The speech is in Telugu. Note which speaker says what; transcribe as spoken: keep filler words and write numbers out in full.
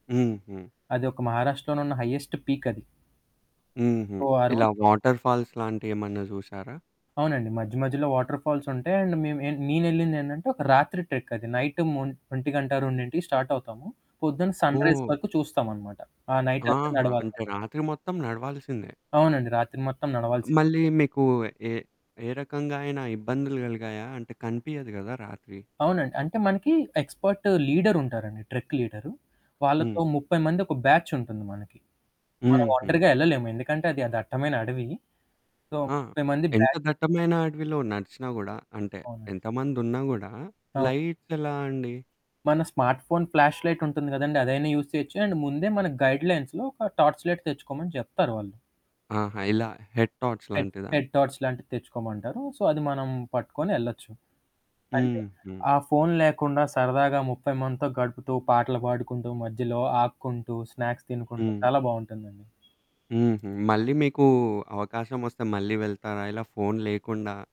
Speaker 1: హుహు.
Speaker 2: అదొక 'మహారాష్ట్రలోనున్న హైయ్యెస్టు పీక్ అది.
Speaker 1: హుహు.
Speaker 2: ఓహ్! ఆ రో
Speaker 1: ఇలా వాటర్‌ఫాల్స్ లాంటియేమన్నా చూసారా?
Speaker 2: అవునండి. మధ్య మధ్యలో వాటర్‌ఫాల్స్ ఉంటాయి. అండ్ మేము ఏన్ మే నేనెళ్ళిందేంటంటే ఒక రాత్రి ట్రెక్ అది. నైటు మొ ఒంటి గంట, రెండింటికి స్టార్ట్ అవుతాము. పొద్దున సన్‌రైజ్
Speaker 1: ఓహ్!
Speaker 2: వరకు చూస్తామనమాట. ఆ నైటంత
Speaker 1: ఆహా!
Speaker 2: నడవాల మనం.
Speaker 1: అంటే రాత్రి మొత్తం నడవాల్సిందే.
Speaker 2: అవునండి. రాత్రి మొత్తం నడవాల్సి
Speaker 1: మళ్ళీ మీకు ఏ ఏ రకంగా అయినా ఇబ్బందులు కలిగాయా? అంటే కనిపియదు కదా రాత్రి?
Speaker 2: అవునండి. అంటే మనకి ఎక్స్‌పర్టు లీడరుంటారండి. Trek leader.
Speaker 1: హ్మ్.
Speaker 2: వాళ్ళతో ముప్పై మంది ఒక బ్యాచ్ ఉంటుంది మనకి. మనం
Speaker 1: హుహు.
Speaker 2: ఒంటరిగా ఎళ్ళలేము. ఎందుకంటే అది అది దట్టమైన అడవి. సో,
Speaker 1: ఆ!
Speaker 2: ముప్పై మంది
Speaker 1: ఎంత
Speaker 2: బ్యాచ్
Speaker 1: దట్టమైన అడవిలో నడిచినా గూడా, అంటే
Speaker 2: అవునండి.
Speaker 1: ఎంతమందున్నా గూడా
Speaker 2: ఆ!
Speaker 1: లైట్స్ ఎలా అండి?
Speaker 2: మన స్మార్ట్ ఫోన్ ఫ్లాష్‌లైట్ ఉంటుంది కదండీ! అదైనా యూజ్ చేయొచ్చు. అండ్ ముందే మన గైడ్‌లైన్స్‌లో ఒక టార్చలైట్ తెచ్చుకోమని చెప్తారు వాళ్ళు.
Speaker 1: ఆహా! ఇలా హెడ్ టార్చ్
Speaker 2: హెడ్
Speaker 1: లాంటిదా?
Speaker 2: హెడ్ టార్చ లాంటివి తెచ్చుకోమంటారు. సో, అది మనం పట్టుకొని ఎళ్ళొచ్చు. అంటే
Speaker 1: హుహు.
Speaker 2: ఆ ఫోను లేకుండా సరదాగా ముప్పై మందితో గడుపుతూ, పాటలు పాడుకుంటూ, మధ్యలో ఆగుకుంటూ, స్నాక్స్ తినుకుంటూ
Speaker 1: హ్మ్.
Speaker 2: చాలా బావుంటుందండి.
Speaker 1: హుహు. మళ్ళీ మీకు అవకాశమొస్తే మళ్ళీ వెళ్తారా? ఇలా ఫోను లేకుండా